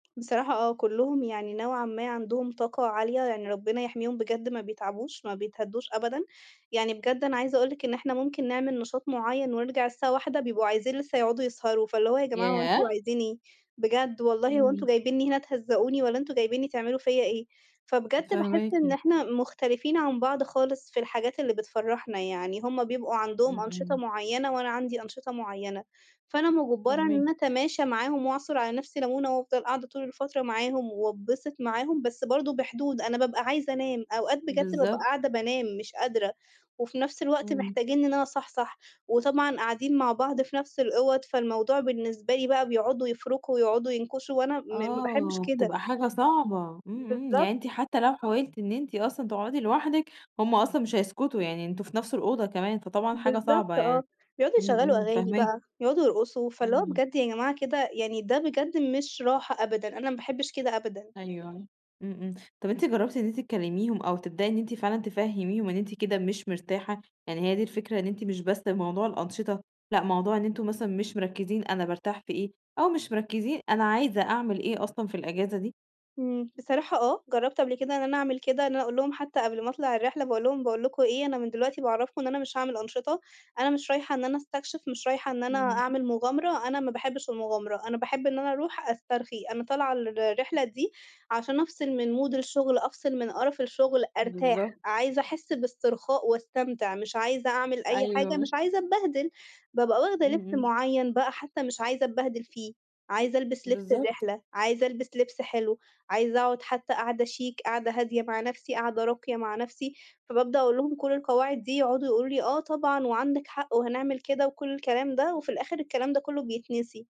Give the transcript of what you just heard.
بصراحة آه، كُلّهم يعني نوعًا ما، عندهم طاقة عالية يعني ربّنا يحميهم بجد ما بيتعبوش، ما بيتهدّوش أبدًا. يعني بجد أنا عايزة أقول لِك إن إحنا مُمكن نعمل نشاط مُعيّن ونرجع الساعة 01:00 بيبقوا عايزين لسّه يقعدوا يسهروا. فاللي هو يا جماعة هو أنتم ياه! عايزين إيه؟ بجد، والله هو أنتم امم جايبينّي هنا تهَزّقوني والّا أنتم جايبينّي تعملوا فيَّ إيه؟ فبجد باحس فاهماكِ. إن إحنا مختلفين عن بعض خالص، في الحاجات اللي بتفرّحنا يعني، هُم بيبقوا عندهم إمم، أنشطة إمم. مُعيّنة وأنا عندي أنشطة مُعيّنة. فأنا مُجبرة إن فاهماكِ. أنا أتماشى معاهم وأعصُر على نفسي لمونة، وأفضل قاعدة طول الفترة معاهم وأتبِسط معاهم، بس برضه بحدود. أنا بابقى عايزة أنام، أوقات بجد بابقى بالضبط. قاعدة بانام مش قادرة، وفي نفس الوقت إمم. محتاجينّي إن أنا أصحصح وطبعًا قاعدين مع بعض في نفس الأوَض، فالموضوع بالنسبة لي بقى بيقعدوا يفرُكوا ويقعدوا ينكشوا وأنا م ما باحبش آه، كده. بتبقى حاجة صعبة، إمم إمم، يعني بالضبط. أنتِ حتى لو حاولتِ إن أنتِ أصلًا تقعدي لوحدِك هُم أصلًا، مش هيسكتوا. يعني أنتم في نفس الأوضة كمان، فطبعًا حاجة صعبة بالضبط آه، يعني، بيقعدوا إمم يشغّلوا إمم، أغاني فاهماكِ. بقى يقعدوا يرقصوا، فاللي هو إمم. بجد يا جماعة، كده يعني ده بجد مش راحة أبدًا، أنا ما باحبش كده أبدًا. أيوه، امم امم، طَب أنتِ جرّبتِ إن أنتِ تكلِّميهم أو تبدأي إن أنتِ فعلًا تفهِّميهم إن أنتِ كده مش مرتاحة، يعني هي دي الفكرة إن أنتِ مش بس موضوع الأنشطة، لأ، موضوع إن أنتم مثلًا مش مرَكزين أنا بارتاح في إيه، أو مش مرَكزين أنا عايزة أعمل إيه أصلًا، في الإجازة دي؟ إمم، بصراحة آه، جرّبت قبل كده إن أنا أعمل كده، إن أنا أقول لهُم حتى قبل ما أطلع الرحلة باقول لهُم باقول لكم إيه، أنا من دلوقتي باعَرّفكم إن أنا مش هاعمل أنشطة أنا مش رايحة إن أنا أستكشف، مش رايحة إن أنا إمم. أعمل مُغامرة، أنا ما باحبش المُغامرة، أنا باحب إن أنا أروح أسترخي. أنا طالعة الرحلة دي عشان أفصِل من Mood الشُغل أفصِل من قرّف الشُغل أرتاح. بالضبط. عايزة أحس باسترخاء واستمتع، مش عايزة أعمل أي حاجة، مش أيوه. عايزة أتبهدِل. بابقى واخدة إمم، لبسّ إمم. مُعيّن بقى حتى مش عايزة اتبهدِل فيه، عايزة ألبِسّ لبسّ بالضبط. الرحلة، عايزة ألبِسّ لبسّ حلو، عايزة أقعد حتى قعدة شيك، قعدة هادية مع نفسي، قعدة راقية مع نفسي، فبابدأ أقول لهُم كل القواعد دي يقعدوا يقولوا لي آه طبعًا، وعندِك حق وهنعمل كده وكل الكلام ده وفي الآخر الكلام ده كلّه بيتنسي.